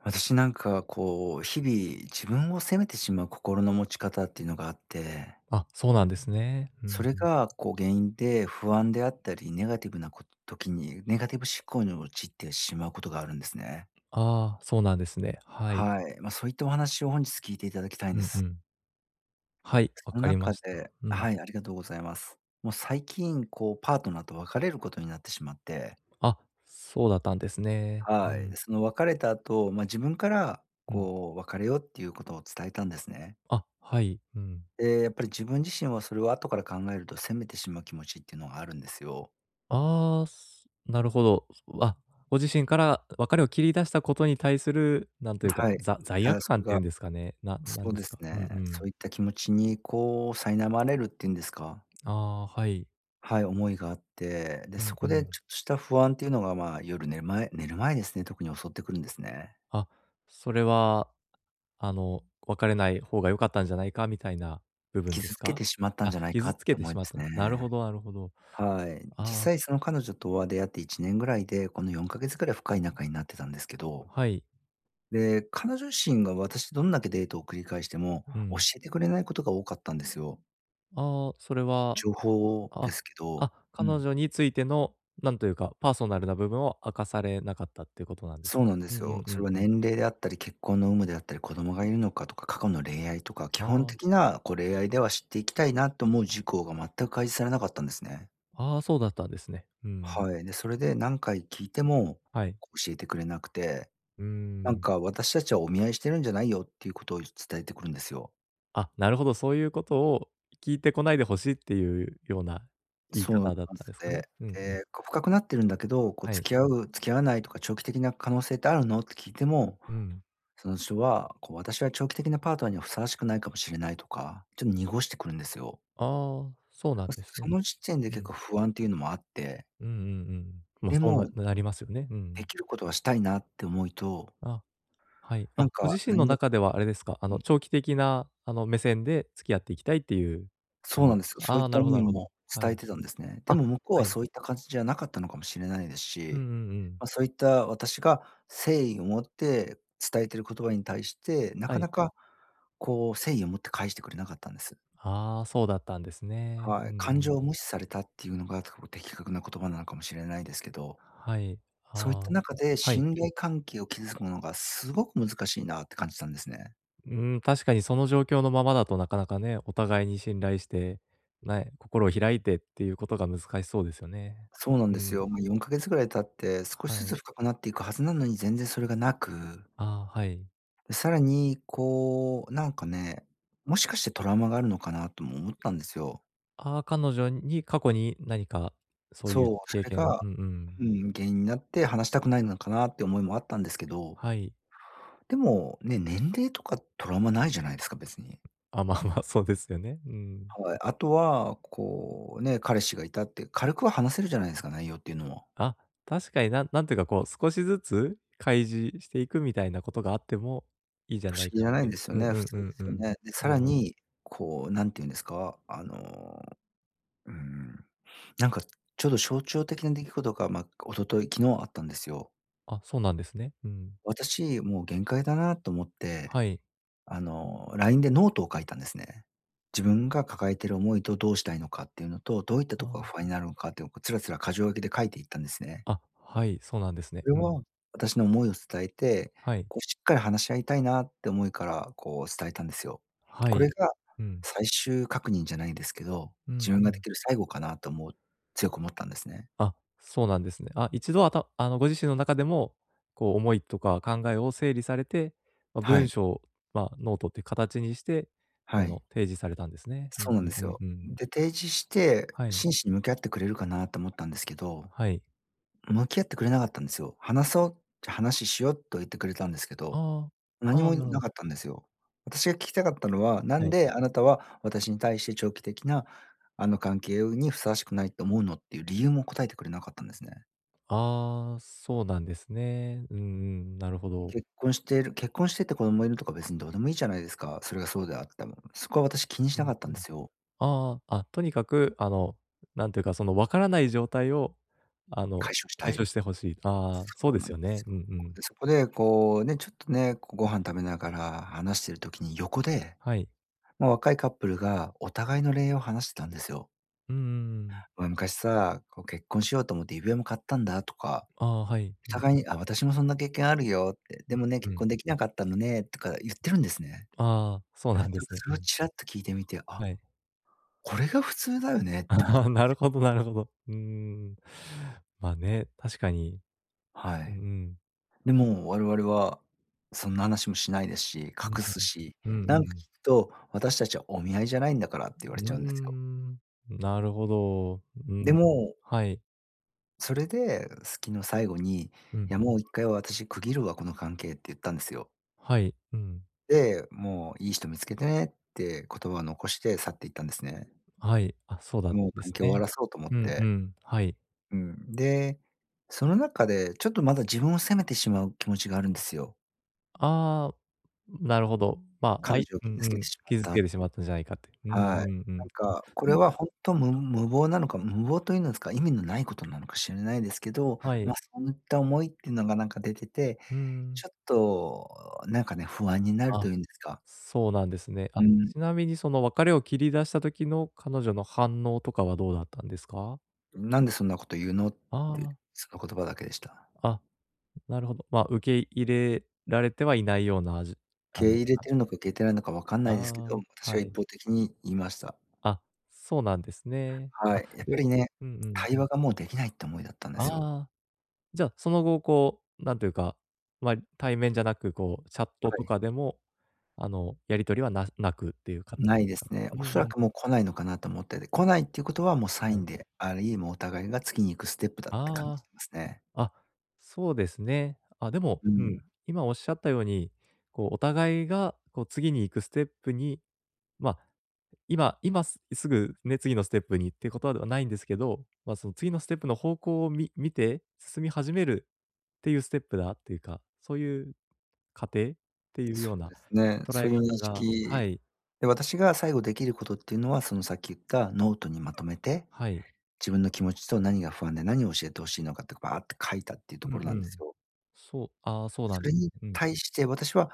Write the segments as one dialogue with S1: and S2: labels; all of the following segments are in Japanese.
S1: 私、なんか、こう日々自分を責めてしまう心の持ち方っていうのがあって
S2: あ、そうなんですね。う
S1: そ
S2: ん
S1: れ
S2: うん。
S1: がこう原因で不安であったり、ネガティブなこ時にネガティブ思考に陥ってしまうことがあるんですね。
S2: ああ、そうなんですね。はい。
S1: はい。ま、そういったお話を本日聞いていただきたいん
S2: う
S1: で
S2: んう
S1: す。
S2: ん。はい、分
S1: その
S2: かりま
S1: 中
S2: した。
S1: で
S2: うん。
S1: はい、ありがとうございます。もう最近こうパートナーと別れることになってしまって
S2: あ、そうだったんですね。う
S1: はい。
S2: ん。
S1: その別れた後、まあ、自分から
S2: うん。
S1: こう別れようっていうことを伝えたんですね。
S2: あ、はい、うん。
S1: ええ、やっぱり自分自身はそれを後から考えると責めてしまう気持ちっていうのがあるんですよ。
S2: ああ、すなるほど。あ、ご自身から別れを切り出したことに対する、なんというか、
S1: はい、
S2: ざ罪
S1: ただ
S2: 悪
S1: そ
S2: 感
S1: れ
S2: ってい
S1: が
S2: うんですかね、な
S1: そ
S2: 何
S1: う
S2: で
S1: で
S2: す
S1: す
S2: か？うんう
S1: ね、そ
S2: ん。
S1: ういった気持ちにこう苛まれるっていうんですか
S2: ああ、はい。
S1: はい、思いがあって、で、
S2: うん
S1: そ
S2: う
S1: こで
S2: ん。
S1: ちょっとした不安っていうのが、まあ、夜寝る前寝る前ですね、特に襲ってくるんですね。
S2: あ、それは、あの、別れない方が良かったんじゃないかみたいな部分で
S1: 傷
S2: す
S1: つけ
S2: か？
S1: てしまったん
S2: あ、
S1: じゃないか
S2: 傷
S1: っ
S2: つ
S1: て
S2: けて
S1: 思
S2: し
S1: いま
S2: まった。
S1: す
S2: なる
S1: ね。
S2: ほどなるほど。
S1: はい。実
S2: ああ、そ
S1: 際その彼女とは出会って1年ぐらいで、この4か月ぐらい深い仲になってたんですけど。
S2: はい。
S1: で、彼女自身が、私どんだけデートを繰り返しても
S2: う
S1: 教
S2: ん。
S1: えてくれないことが多かったんですよ。
S2: ああ、それは、
S1: 情報で
S2: あ
S1: すけど、
S2: あ、
S1: う
S2: 彼
S1: ん。
S2: 女についてのなんというか、パーソナルな部分を明かされなかったっていうことなんです
S1: そ
S2: か？
S1: うなんで
S2: うんう
S1: すよ。
S2: んう
S1: そ
S2: ん
S1: れは
S2: うん。
S1: 年齢であったり、結婚の有無であったり、子供がいるのかとか、過去の恋愛とか基
S2: あ
S1: 本
S2: あ。
S1: 的な、こう、恋愛では知っていきたいなと思う事項が全く開示されなかったんですね。
S2: ああ、そうだったんですね。うん。
S1: はい、で、それで何回聞いても
S2: はい。
S1: 教えてくれなくて。
S2: うー
S1: なん
S2: ん。
S1: か「私たちはお見合いしてるんじゃないよ」っていうことを伝えてくるんですよ。
S2: あ、なるほど、そういうことを聞いてこないで欲しいっていうような言い
S1: そうなんで
S2: 方だったんで
S1: す
S2: すか
S1: ね。
S2: ね。うんうん。
S1: え、こう深くなってるんだけど、こう
S2: はい。
S1: 「付き合う、付き合わないとか長期的な可能性ってあるの？」って聞いても、
S2: うん。
S1: その人は、こう「私は長期的なパートナーにはふさわしくないかもしれない」とかちょっと濁してくるんですよ。
S2: ああ、そうなん
S1: ま、
S2: です
S1: そ
S2: ね。
S1: の時点で
S2: う
S1: 結
S2: ん。
S1: 構不安っていうのもあって。
S2: うんうんうん。ま、
S1: で
S2: そうな
S1: も
S2: なりますよね、う
S1: で
S2: ん。
S1: きることはしたいなって思いと
S2: あ、はい。あ、
S1: なん
S2: ご
S1: か、
S2: 自身の
S1: 何が
S2: 中ではあれですか、あ
S1: う
S2: の
S1: ん。
S2: 長期的なあの目線で付き合っていきたいっていう、あ
S1: そうなん
S2: の
S1: ですよ。そう
S2: あ
S1: いっ
S2: あ、
S1: た
S2: なるほど
S1: 思
S2: なる
S1: い
S2: ほど。
S1: も
S2: は
S1: 伝え
S2: い。
S1: てたんですね。で
S2: あ、
S1: も向こう
S2: は
S1: は
S2: い。
S1: そういった感じじゃなかったのかもしれないです
S2: うんう
S1: し、
S2: んうん。
S1: ま、そういった私が誠意を持って伝えている言葉に対して、な
S2: は
S1: か
S2: い。
S1: なかこう誠意を持って返してくれなかったんです。
S2: ああ、そうだったんですね。
S1: は
S2: うん
S1: い、感
S2: うん。
S1: 情を無視されたっていうのが、と、的確な言葉なのかもしれないですけど。
S2: はい、
S1: そういっ
S2: ああ、
S1: た中で、
S2: はい。
S1: 信頼関係を築くのがすごく難しいなって感じたんですね。
S2: うん、確かにその状況のままだと、なかなかね。お互いに信頼して、なえ心を開いてっていうことが、難しそうですよね。
S1: そうなん
S2: う
S1: です
S2: ん。
S1: よ。まあ、4か月ぐらい経って、少
S2: は
S1: しず
S2: い。
S1: つ深くなっていくはずなのに、全然それがなく。
S2: ああ、はい。
S1: さらに、こうなんかね。もしかして、トラウマがあるのかなとも思ったんですよ。
S2: ああ。彼女に、過去に何か、そういう
S1: そう。そ
S2: 経
S1: れ
S2: 験が。
S1: が、
S2: うんうん。
S1: うん、原因になって、話したくないのかなって思いもあったんですけど。
S2: はい。
S1: でも、ね。年齢とか、トラウマ無いじゃないですか。別に。
S2: あ、まあまあ。そうですよね。うん。
S1: はい。あとは、こうね、彼氏が居たって、軽くは話せるじゃないですか。内容っていうのも。
S2: あ、確かに。ななんていうかこう、少しずつ開示していく、みたいなことがあっても、いいじゃ
S1: 不
S2: な
S1: 思
S2: い
S1: 議じ
S2: かっ
S1: ゃな
S2: て
S1: い
S2: い
S1: ん
S2: う。
S1: ですよ
S2: うん
S1: ね、
S2: う
S1: 普
S2: ん
S1: 通
S2: う
S1: で
S2: ん
S1: す
S2: う
S1: よ
S2: ん。
S1: ね。で、さ
S2: な
S1: ら
S2: るほど。
S1: に、こう、何て言うんですか、あの、うん。なんかちょっと、象徴的な出来事が、まあ、一昨日昨日あったんですよ。
S2: あ、そうなんですね。うん。
S1: 私もう限界だなと思って、
S2: はい。
S1: あの、LINE でノートを書いたんですね。自分が抱えている思いと、どうしたいのかっていうのと、どういった
S2: あ
S1: とこが
S2: あ。
S1: 不安になるのかっていうのを、こう、つらつら箇条書きで、書いていったんですね。
S2: あ、はい。そうなんですね。
S1: それ
S2: うん。
S1: は、私の思いを伝えて、
S2: はい。
S1: こう、しっかり話し合いたいなって思いから、こう伝えたんですよ。
S2: は
S1: こ
S2: い。
S1: れが、
S2: うん。
S1: 最終確認じゃないんですけど、
S2: うん、
S1: 自分
S2: う
S1: が出
S2: ん。
S1: 来る最後かなと、もう、強く思ったんですね。
S2: あ、そうなんですね。あ、一度あたあの、ご自身の中でも、こう、思いとか考えを整理されて。ま、
S1: は
S2: 文
S1: い。
S2: 章をま、ノートっていう形にして、あ
S1: は
S2: の、
S1: い。
S2: 提示されたんですね。う
S1: そ
S2: ん
S1: うなん
S2: う
S1: で
S2: んう
S1: す
S2: ん
S1: よ。
S2: うん。
S1: で、提示して、
S2: はい。
S1: 真摯に向き合ってくれるかなと思ったんですけど、
S2: はい。
S1: 向き合ってくれなかったんですよ。「話そう。じゃ、話しよ。」とは言ってくれたんですけど、
S2: ああ
S1: 何
S2: ああ、
S1: も
S2: なるほ
S1: 無
S2: ど。
S1: かったんですよ。私が聞きたかったのは、な
S2: は
S1: ん
S2: い。
S1: であなたは、私に対して長期的な、あの、関係うに、ふさわしくないと思うのっていう、理由も答えてくれなかったんですね。
S2: あ、そうなんですね。うんうん、なるほど。
S1: 結婚している結婚してて子供がいるとか、別にどうでもいいじゃないですか。それがそうであっても。そこは私、気にし
S2: うん
S1: な
S2: う
S1: か
S2: ん。
S1: ったんですよ。
S2: ああ、あ、とにかく、あの、なんていうか、その、分からない状態を、あの、
S1: 解消した
S2: 解
S1: い。
S2: 消して欲しい。ああ、
S1: そ
S2: そう
S1: う
S2: で
S1: なん
S2: す
S1: で
S2: よね、
S1: す
S2: う
S1: よ。
S2: んうん。
S1: で、そこで、こう、ね、ちょっと、ね、こう、ご飯食べながら話している時に横で、
S2: はい。
S1: まあ、若いカップルがお互いの恋愛を話してたんですよ。
S2: うんうんうん。
S1: 「俺、昔さ、こう、結婚しようと思って指輪も買ったんだ」とか、
S2: あ、はい、
S1: お
S2: うん。
S1: 互いに、「あ、私もそんな経験あるよ」って。「でもね、
S2: うん
S1: 結
S2: うん。
S1: 婚できなかったのね」とか言ってるんですね。
S2: ああ、そうなん
S1: で、
S2: ですね。
S1: そ
S2: う
S1: れを
S2: ん。
S1: ちらっと聞いてみて、あ、
S2: はい。
S1: これが普通だよねって思って
S2: あなるほどなるほど。うん。まあ、ね、確かに。
S1: は
S2: うん
S1: い。
S2: うん。
S1: でも我々はそんな話もしないですし、
S2: うん
S1: 隠
S2: う
S1: す
S2: ん。
S1: し、
S2: うんう
S1: なんか、
S2: ん。
S1: 聞くと「私たちはお見合いじゃないんだから」って
S2: う
S1: 言われ
S2: ー
S1: ちゃうんですよ。
S2: ん、なるほど、う
S1: で
S2: ん、
S1: も
S2: はい。
S1: それで、好きの最後に、「い
S2: うん。
S1: や、もう、1回私区切るわこの関係」って言ったんですよ。
S2: はい。うん。
S1: で、もう「いい人見つけてね」って言葉を残して去って行ったんですね。
S2: はい、あ、そうだん
S1: もう
S2: で
S1: 関
S2: す
S1: 係を終わ
S2: ね。
S1: らそうと思っ
S2: うんう
S1: て。
S2: ん、はい。
S1: うん。で、その中で、ちょっとまだ自分を責めてしまう気持ちがあるんですよ。
S2: ああ、なるほど。ま、あ
S1: 彼
S2: い
S1: 女を
S2: うん
S1: 傷
S2: う
S1: 付けて
S2: ん、
S1: しまっ
S2: 傷
S1: た
S2: 付
S1: っ
S2: けてし
S1: てい
S2: ま
S1: う。
S2: ったんじゃないかって。うん
S1: はい。
S2: うんう
S1: な
S2: ん。
S1: ん
S2: あ、
S1: か、こ
S2: は
S1: れ
S2: い。
S1: はほんとむ無謀なのか、む無謀というんですか、意味の無いことなのかしんないですけど、
S2: はい。
S1: ま、そういった思いってのがなんか出てて、
S2: うーん。
S1: ちょっとなんかね、不安になる
S2: あ、
S1: というんですか
S2: そうなんですね。
S1: う
S2: あ、
S1: ん。
S2: ちなみにその別れを切り出した時の彼女の反応とかはどうだったんですか？
S1: 「なんでそんなこと言うの」っ
S2: あ
S1: て、
S2: あ。
S1: その言葉だけでした。
S2: あ、なるほど。ま、受け入れられてはいない様なあじあ
S1: 受け
S2: の、
S1: 入れ
S2: あ
S1: てんのか受け入れてないのか分かん
S2: あ
S1: ないですけど、
S2: あ、
S1: 私
S2: は
S1: が
S2: い。
S1: 一方的に言いました。
S2: あ、そうなんですね。
S1: は
S2: あ、
S1: い。やっ
S2: え、
S1: ぱりね、
S2: うんうん。
S1: 会話がもう出来ないって思いだったんですよ。
S2: ああ。じゃあ、その後こう、なんていうか、ま、対面じゃなく、こうチャット
S1: は
S2: と
S1: い。
S2: かでも、あの、やり取りはな無くっていう形
S1: 無い
S2: です
S1: です
S2: か？
S1: ね。
S2: うんう
S1: 恐ら
S2: ん。
S1: くもう来ないのかなと思ってて、来ないっていうことはもうサ
S2: は
S1: イ
S2: い。
S1: ンであり、もうお互いが次に行くステップだって感じ
S2: あ
S1: ますね。
S2: あ。あ、そうですね。あ、でも、
S1: う
S2: う
S1: ん。
S2: ん、今仰った様に、こうお互いが、こう次に行くステップに、ま、今今すぐね、次のステップにってことではないんですけど、ま、その次のステップの方向をみ見て進み始めるっていうステップだっていうか、そういう過程？っていう
S1: そ
S2: よう
S1: う
S2: な
S1: ですね。
S2: 捉
S1: そ
S2: え
S1: ういう認
S2: 方がは
S1: 識、
S2: い。
S1: で、私が最後出来ることっていうのは、そのさっき言ったノートにまとめて、
S2: はい。
S1: 自分の気持ちと何が不安で何を教えて欲しいのかってこうバーって書いたっていうと
S2: うん
S1: ころ
S2: う
S1: なんで
S2: ん。
S1: すよ。
S2: そうあ、そうな
S1: そ
S2: ん
S1: れに
S2: うん。
S1: 対して私は、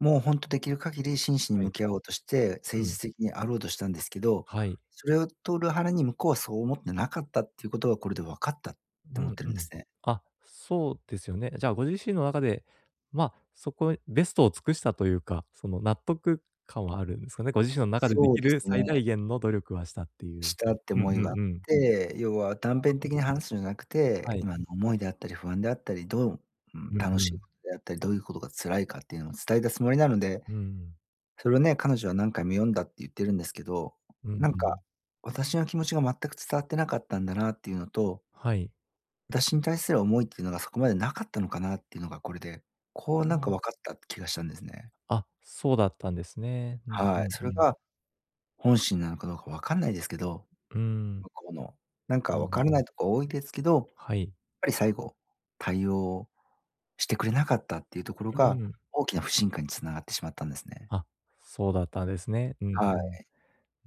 S1: もうほんと出来る限り真摯に
S2: はい。
S1: 向き合おうとして、誠
S2: う
S1: 実
S2: ん。
S1: 的にあろうとしたんですけど、
S2: はい。
S1: それをと裏腹に向こうはそう思ってなかったっていうことがこれで分かったっ
S2: う
S1: て思っ
S2: ん
S1: て
S2: う
S1: るんで
S2: ん。
S1: すね。
S2: あ、そうですよね。じゃあご自身の中で、ま、そこベストを尽くしたというか、その納得感はあるんですかね？ご自身の中で出
S1: そう
S2: 来
S1: で
S2: る
S1: す
S2: 最大
S1: ね。
S2: 限の努力はしたっていう。
S1: したって
S2: うんう
S1: 思いがあっ
S2: んうん。
S1: て、要は断
S2: あ、
S1: 片
S2: うん。
S1: 的に話すんじゃなく
S2: は
S1: て、
S2: い。
S1: 今の思いであったり不安であったり、どう、うん、
S2: うん
S1: 楽
S2: う
S1: しい
S2: ん。
S1: ことであったり、どういうことが辛いかっていうのを伝えたつもりなので。
S2: うんうん。
S1: それをね、彼女は何回も読んだって言ってるんですけど、
S2: うん
S1: なん
S2: う
S1: か
S2: ん。
S1: 私の気持ちが全く伝わってなかったんだなっていうのと
S2: はい。
S1: 私に対する思いってのがそこまでなかったのかなっていうのがこれで、こうなんか
S2: あ。
S1: 分かった気がしたんですね。
S2: あ、そうだったんですね。うんう
S1: は
S2: ん
S1: い。そ
S2: う
S1: れ
S2: ん。
S1: が本心なのかどうか分かんないですけど。
S2: うん。
S1: 向こうの、なん
S2: う
S1: かわ
S2: ん。
S1: からないとこ多いですけど、やっ
S2: はい。
S1: ぱり最後対応してくれなかったっていうところ
S2: う
S1: が、
S2: ん。
S1: 大きな不信感につながってしまったんですね。
S2: あ、そうだったんですね。うん
S1: は
S2: うん。
S1: い。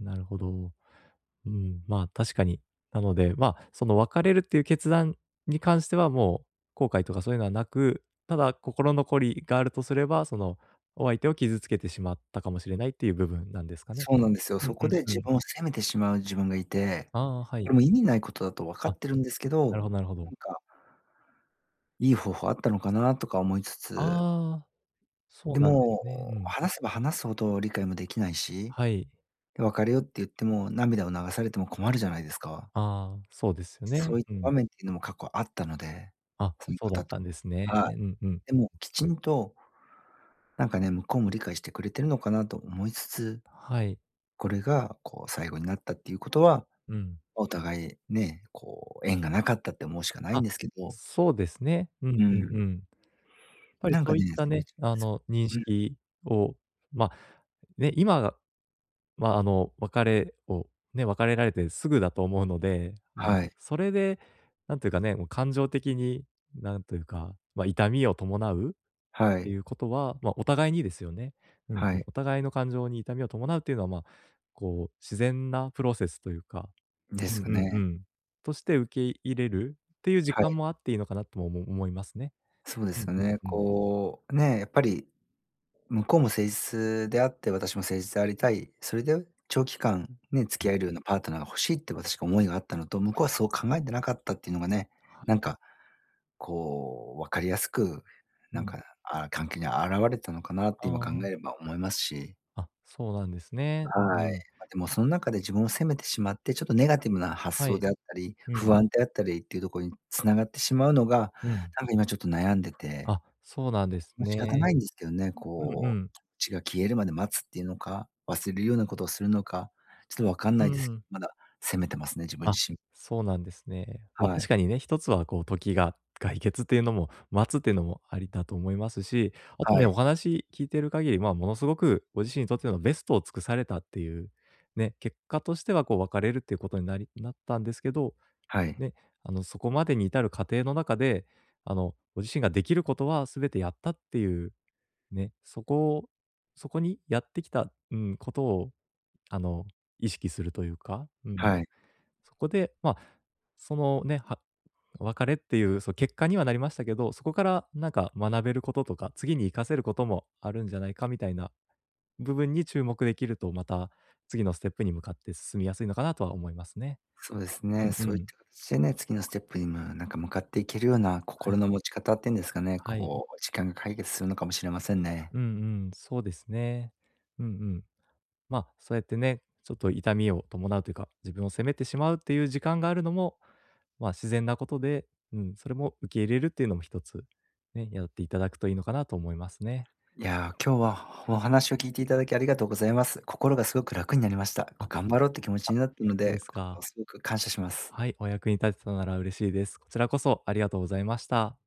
S2: なるほど。うーん、うん、まあ、確かに。なので、まあ、その別れるっていう決断に関してはもう後悔とかそういうのはなく、ただ心残りがあるとすれば、そのお相手を傷つけてしまったかもしれないっていう部分なんですかね。
S1: そうなんですよ。
S2: うんう
S1: そこで
S2: んう
S1: 自
S2: ん。
S1: 分を責めてしまう自分がいて、
S2: ああ、は
S1: こ
S2: い。
S1: れも意味ないことだとわか
S2: あ、
S1: ってるんですけ
S2: なる
S1: ど、
S2: ほどなるほ
S1: な
S2: ど。
S1: んかいい方法あったのかなとか思いつつ。
S2: ああ、そう
S1: で
S2: なんで
S1: も、
S2: すね。うん。
S1: 話せば話すほど理解もできないし。
S2: はい。
S1: で別れようって言っても、涙を流されても困るじゃないですか。
S2: ああ、そうですよね。
S1: そういっ
S2: う
S1: た
S2: ん。
S1: 場面っていうのも過去あったので、
S2: あ、
S1: その
S2: そうだっ
S1: 方と。
S2: たんですね。
S1: はい。
S2: うんうん。
S1: でもきちんとなんかね、向こうも理解してくれてるのかなと思いつつ。
S2: はい。
S1: これがこう最後になったっていうことは、
S2: うん。
S1: お互いね、こう縁がなかったって思うしかないん
S2: あ、
S1: ですけど。
S2: そうですね。うん
S1: う
S2: うん
S1: ん。
S2: うん。やっぱり
S1: なん
S2: そ
S1: か
S2: ういっ
S1: ね。
S2: たね、あの認
S1: うん。
S2: 識をま、ね、今、まあ、あの別れをね、別れられてすぐだと思うので、あの、
S1: はい。
S2: それで、なんていうかね、も、感情的になんというか、まあ、痛みを伴うっ
S1: は
S2: て
S1: い。
S2: いうことは、まあ、お互いにですよね。うん
S1: は
S2: うん、
S1: い。
S2: お互いの感情に痛みを伴うというのは、まあ、こう自然なプロセスというか、
S1: で
S2: うん
S1: す
S2: う
S1: か
S2: んう
S1: ね。
S2: ん。として受け入れるっていう時
S1: は
S2: 間
S1: い。
S2: もあっていいのかなともおも思いますね。
S1: そうで
S2: うんう
S1: す
S2: ん
S1: よね。
S2: うん。
S1: こう、ね、やっぱり向こうも誠実であって私も誠実でありたい、それで長期間、ね、付
S2: う。
S1: き合えるようなパートナーが欲しいって私が思いがあったのと、向こうはそう考えてなかったっていうのがね、
S2: はい。
S1: なんかこう分かりやすく、
S2: う
S1: なん
S2: ん。
S1: か、あ、関係に現れたのかなって
S2: あ
S1: 今考
S2: あ。
S1: えれば思いますし。
S2: あ、そうなんですね。うんう
S1: はい。
S2: ん。
S1: ま、でもその中で自分を責めてしまって、ちょっとネガティブな発
S2: は
S1: 想
S2: い。
S1: であったり、
S2: うん。
S1: 不安であったりっていうとこに繋がってしまうのが、
S2: うん。
S1: なんか今ちょっと悩んでて。
S2: あ、そうなんです
S1: ま、仕方
S2: ね。
S1: ないんですけどね。
S2: うんう
S1: こ
S2: ん。
S1: う、こっちが消えるまで待つっていうのか、忘れるようなことをするのか、ちょっとわかん
S2: う
S1: ないです。
S2: ん。
S1: まだ責めてますね、自分
S2: あ、
S1: 自身。
S2: そうなんですね。ま、
S1: は
S2: 確
S1: い。
S2: かにね、一つはこう時が解決っていうのも待つっていうのもありだと思いますし、あと
S1: は
S2: ね、
S1: い。
S2: お話聞いてる限り、まあ、ものすごくご自身にとってのベストを尽くされたっていうね、結果としてはこう別れるっていうことになりなったんですけど、
S1: はい。
S2: ね、あのそこまでに至る過程の中で、あのご自身ができることは全てやったっていう、ね、そこをそこにやってきた、うん、ことをあの意識するというか、うん。
S1: はい。
S2: そこで、まあ、そのね、は別れっていう、そ、結果にはなりましたけど、そこからなんか学べることとか、次に活かせることもあるんじゃないかみたいな部分に注目できると、また次のステップに向かって進みやすいのかなとは思いますね。
S1: そうです
S2: う
S1: ね。
S2: んう
S1: そういっ
S2: ん。
S1: た形でね、次のステップにもなんか向かっていけるような
S2: はい。
S1: 心の持ち方っていうんですかね、
S2: はい。
S1: こう時間が解決するのかもしれませんね。
S2: うんうん、そうですね。うんうん。まあ、そうやってね、ちょっと痛みを伴うというか、自分を責めてしまうっていう時間があるのも、まあ、自然なことで、うん、それも受け入れるっていうのも一つね、やっていただくといいのかなと思いますね。
S1: いや、今日はお話を聞いていただきありがとうございます。心がすごく楽になりました。
S2: あ、
S1: こ、頑張ろうって気持ち
S2: あ、
S1: になったの
S2: そうで
S1: で、
S2: す
S1: こ
S2: か。
S1: うすごく感謝します。
S2: はい、お役に立てたのなら嬉しいです。こちらこそありがとうございました。